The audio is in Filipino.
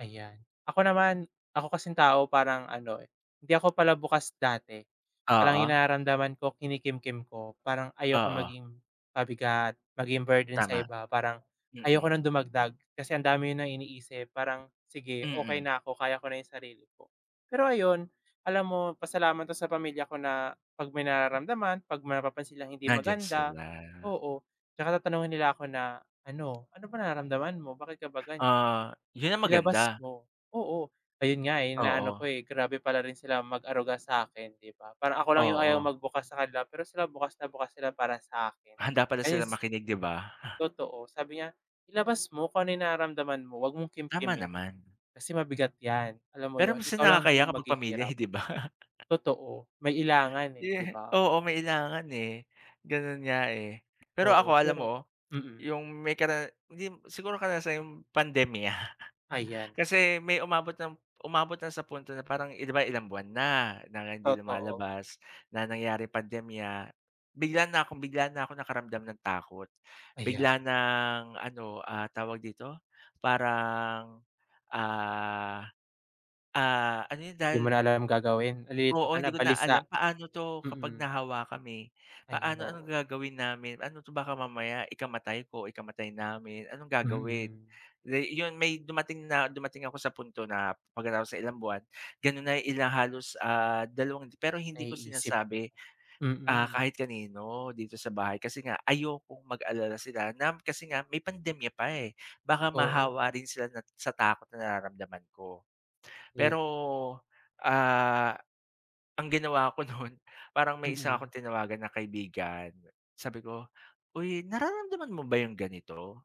Ayan. Ako naman, ako kasing tao parang ano, eh, hindi ako pala bukas dati. Parang yung Oo. nararamdaman ko, kinikimkim ko. Parang ayokong Oo. maging pabigat, maging burden sa Tama. iba. Parang Mm. ayoko ng dumagdag, kasi ang dami niyo ng iniisip, parang, "Sige okey Mm. na ako, kaya ko na yung sarili ko." Pero ayon, alam mo pasalamat ako sa pamilya ko na 'pag may nararamdaman, 'pag may mapapansin silang hindi Nandiyan maganda sila. oo, tsaka tatanungin nila ako na ano, "Ano ba nararamdaman mo? Bakit ka ba ganiyan? Oo. Yun ang Ilabas maganda. mo." Oo, ayun nga, eh. Inaano ko, Oo. eh, grabe pala rin sila mag-aruga sa'kin, di ba? Parang ako lang yung ayaw Oo. magbukas sa kanila, pero sila bukas na bukas sila para sa'kin. Handa pala Ayun, silang s makinig, di ba? Totoo. Sabi niya, ilabas mo kung ano yung nararamdaman mo, 'wag mong Tama kimkimin. naman. Kasi mabigat 'yan. Alam mo Pero 'yon, minsan ikaw lang nakakahiya din kapag pamilya, maghihirap. hindi ba? Totoo, may ilangan, eh, di Yehe ba? oo, may ilangan, eh. Ganun nga, eh. Pero ako Oo, alam pero mo, mm. yung may kara hindi siguro karanasan, yung pandemya. Ayan. Kasi may umabot ng umabot na sa punto na parang, di ba ilang buwan na, nang hindi Totoo. lumalabas na nangyari pandemya bigla na akong bigla na akong nakaramdam ng takot Ayan. bigla ng ano, ah, tawag dito, parang, ah, ah, ano yun Di mo na dahil alam gagawin. Nalilito Oo. ka na, Hindi ko na balisa. alam, paano 'to kapag Mm. nahawa kami? Ayan, Paano anong oo. gagawin namin? Ano 'to, baka mamaya ikamatay ko, ikamatay namin, anong gagawin? Mm. Day iyon may dumating na dumating ako sa punto na pagkatapos ng ilang buwan, gano'n na yung ilang halos, ah, dalawang pero hindi ko Naiisip 'no. sinasabi, ah, Mm. kahit kanino dito sa bahay kasi nga ayokong mag-alala sila na kasi nga may pandemya pa, eh. Baka Oo. mahawa rin sila na sa takot na nararamdaman ko. If Pero, ah, ang ginawa ko nun, parang may isa Mm. akong tinawagan na kaibigan, Sabi ko, "Uy, nararamdaman mo ba yung ganito?"